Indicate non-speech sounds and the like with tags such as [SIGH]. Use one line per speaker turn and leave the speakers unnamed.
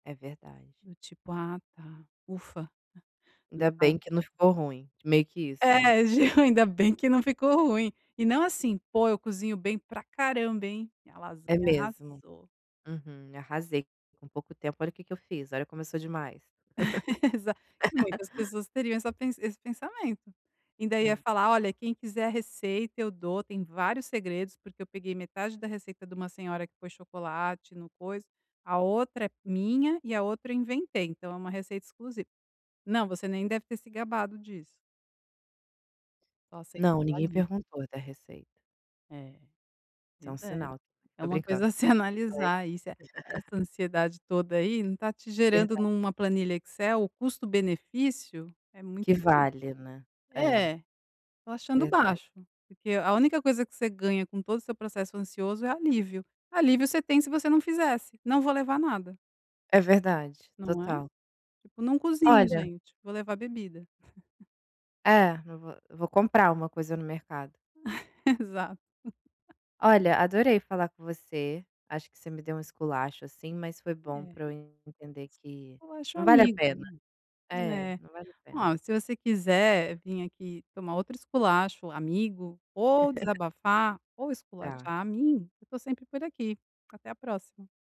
É verdade.
Do tipo: "Ah tá, ufa".
Ainda
[UNINTELLIGIBLE]
bem que não ficou ruim. Meio que isso, né.
É gil ainda bem que não ficou ruim. E não assim: "Pô, eu cozinho bem para caramba, hein? Minha lasanha
É mesmo.
arrasou".
Aham. "Arrasei. Com pouco tempo, olha o que que eu fiz, olha como eu sou demais".
[LAUGHS] Exa muitas
[LAUGHS]
pessoas teriam essa pe esse pensamento. E ainda ia
Verd
falar: "Olha, quem quiser a receita eu dou. Tem vários segredos porque eu peguei metade da receita de uma senhora que pôs chocolate, não pôs a outra é minha, e a outra eu inventei, então é uma receita exclusiva". Não, você nem deve ter se gabado disso. Só
Não,
aceitou,
ninguém
ali.
perguntou da receita.
É,
Isso é
pois
um
é!
sinal.
É
Tô
uma
brincando.
coisa a se
[UNINTELLIGIBLE]
analisar aí se essa
[LAUGHS]
ansiedade toda aí não está te gerando em
Verda
uma planilha Excel o custo-benefício é muito
Que vale, né.
[UNINTELLIGIBLE]
É.
É, estou achando
Verdade.
baixo. Porque a única coisa que você ganha com todo o seu processo ansioso é alívio. Alívio você tem se você não fizesse. "Não vou levar nada".
É verdade,
Não é?
total.
Tipo: "Não cozinho
Olha
gente. Vou levar bebida". [CHUCKLES]
É, não vou vou comprar uma coisa no mercado.
[CHUCKLES] Exato. [CHUCKLES]
Olha, adorei falar com você. Acho que você me deu um esculacho assim, mas foi bom
É.
para eu entender
S
que
Eu acho
não vale a
amigo.
pena. É,
É.
não vale a pena.
Ó, se você quiser vim aqui tomar outro esculacho amigo, ou
[LAUGHS]
desabafar, ou
Tá.
esculachar a mim, eu estou sempre por aqui. Até a próxima.